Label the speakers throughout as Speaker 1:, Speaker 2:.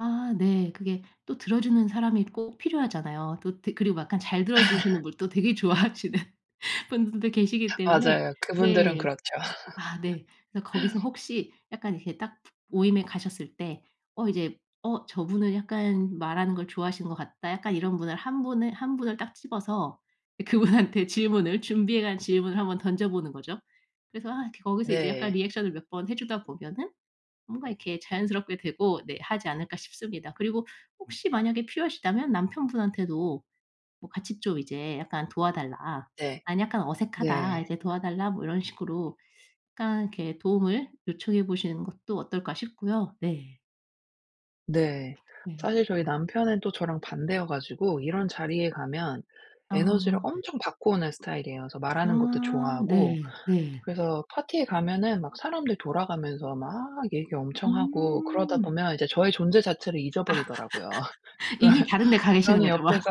Speaker 1: 아 네. 그게 또 들어주는 사람이 꼭 필요하잖아요. 또 드 그리고 약간 잘 들어주시는 분도 되게 좋아하시는 분들도 계시기 때문에
Speaker 2: 맞아요. 그분들은
Speaker 1: 네.
Speaker 2: 그렇죠.
Speaker 1: 아 네. 그래서 거기서 혹시 약간 이렇게 딱 모임에 가셨을 때 어 이제 '어 저분은 약간 말하는 걸 좋아하시는 것 같다.' 약간 이런 분을 1 분을 1 분을 딱 집어서 그분한테 질문을 준비해 간 질문을 한번 던져보는 거죠. 그래서 아 거기서 이제 약간
Speaker 2: 네.
Speaker 1: 리액션을 몇 번 해주다 보면은 뭔가 이렇게 자연스럽게 되고 네, 하지 않을까 싶습니다. 그리고 혹시 만약에 필요하시다면 남편분한테도 뭐 같이 좀 이제 약간 "도와달라.
Speaker 2: 네.
Speaker 1: 난 약간 어색하다".
Speaker 2: 네.
Speaker 1: 이제 "도와달라." 뭐 이런 식으로 약간 이렇게 도움을 요청해 보시는 것도 어떨까 싶고요. 네.
Speaker 2: 네.
Speaker 1: 네.
Speaker 2: 사실 저희 남편은 또 저랑 반대여 가지고 이런 자리에 가면 에너지를
Speaker 1: 아.
Speaker 2: 엄청 받고 오는 스타일이에요. 그래서 말하는 것도
Speaker 1: 아
Speaker 2: 좋아하고
Speaker 1: 네. 네.
Speaker 2: 그래서 파티에 가면은 막 사람들이 돌아가면서 막 얘기 엄청 하고 그러다
Speaker 1: 음.
Speaker 2: 보면 이제 저의 존재 자체를 잊어버리더라고요. 그러면
Speaker 1: 이미 다른 데 가 계시는
Speaker 2: 저는
Speaker 1: 거죠. 막.
Speaker 2: 옆에서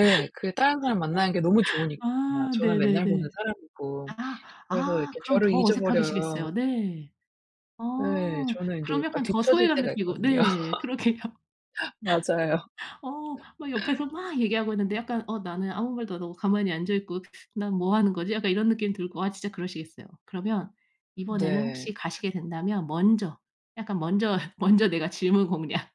Speaker 2: 예. 그 다른 사람 만나는 게 너무 좋으니까.
Speaker 1: 아
Speaker 2: 저는 맨날 보는
Speaker 1: 네네네.
Speaker 2: 사람이고.
Speaker 1: 아
Speaker 2: 그래서
Speaker 1: 아
Speaker 2: 이렇게
Speaker 1: 그럼
Speaker 2: 저를
Speaker 1: 더
Speaker 2: 잊어버려요.
Speaker 1: 어색하시겠어요. 네. 어
Speaker 2: 예. 저는 인제
Speaker 1: 그럼
Speaker 2: 약간
Speaker 1: 약간 더
Speaker 2: 뒤쳐질
Speaker 1: 소외감
Speaker 2: 때가
Speaker 1: 느끼고
Speaker 2: 있거든요.
Speaker 1: 네. 그러게요.
Speaker 2: 맞아요.
Speaker 1: 어 막 옆에서 막 얘기하고 있는데 약간 어 나는 아무 말도 안 하고 가만히 앉아있고 '난 뭐 하는 거지?' 약간 이런 느낌이 들고 아 진짜 그러시겠어요. 그러면 이번에는 혹시
Speaker 2: 네.
Speaker 1: 가시게 된다면 먼저 약간 먼저, 먼저 내가 질문 공략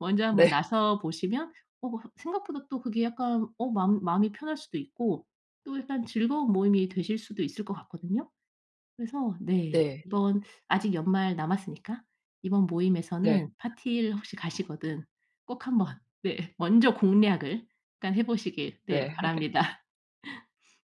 Speaker 1: 먼저 한번
Speaker 2: 네.
Speaker 1: 나서 보시면 어 생각보다 또 그게 약간 어 마음 마음이 편할 수도 있고 또 약간 즐거운 모임이 되실 수도 있을 것 같거든요. 그래서 네.
Speaker 2: 네.
Speaker 1: 이번 아직 연말 남았으니까 이번
Speaker 2: 네.
Speaker 1: 모임에서는 파티를 혹시 가시거든 꼭 한번 네, 먼저 공략을 일단 해보시길 네,
Speaker 2: 네.
Speaker 1: 바랍니다.